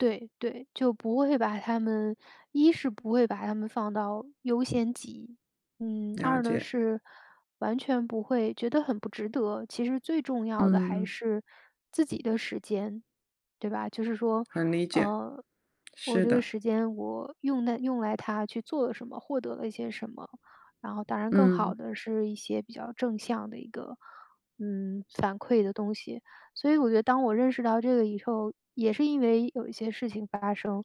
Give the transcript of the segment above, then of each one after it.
对对。就不会把它们一是不会把它们放到优先级。嗯，了二呢解。是，完全不会，觉得很不值得，其实最重要的还嗯。是自己的时间。对吧？就是说，很理解。呃，我是这个的。时间我用在用来它去做了什么，获得了一些什么。然后当然更好嗯。的是一些比较正向的一个嗯，反馈的东西。所以我觉得当我认识到这个以后，也是因为有一些事情发生，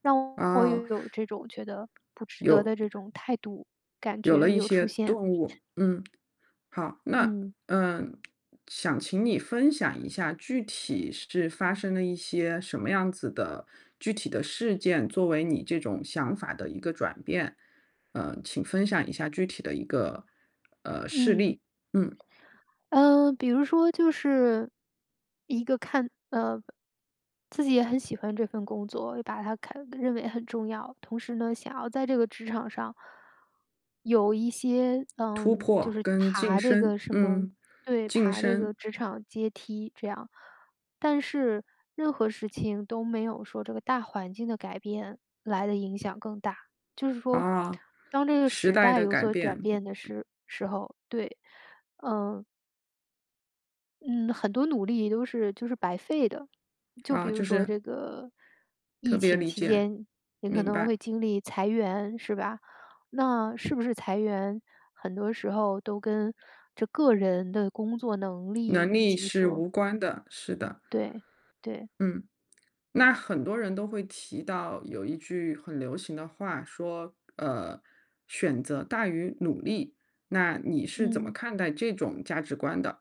让我哦。有这种觉得不值得有的这种态度，感有了觉一有出些现。动物，嗯。好，那嗯。嗯，想请你分享一下具体是发生了一些什么样子的，具体的事件，作为你这种想法的一个转变。嗯，请分享一下具体的一个，呃，事嗯。例，嗯。嗯，比如说就是，一个看呃，自己也很喜欢这份工作，把它看认为很重要。同时呢，想要在这个职场上，有一些突嗯，就破是跟晋爬这升，个什么嗯。对，晋爬这个升。职场阶梯这样。但是任何事情都没有说这个大环境的改变来得影响更大。就是说，啊。当这个时时代代的有改所转变。变的时时候，对。嗯嗯，很多努力都是就是白费的。就比哦，如就说是这个，特疫别情理期解。间，也可明能白。会经历裁员，是吧？那是不是裁员，很多时候都跟这个人的工作能力能以力及是说无关的，是的。对对。嗯。那很多人都会提到有一句很流行的话说，呃，选择大于努力。那你是怎么嗯。看待这种价值观的？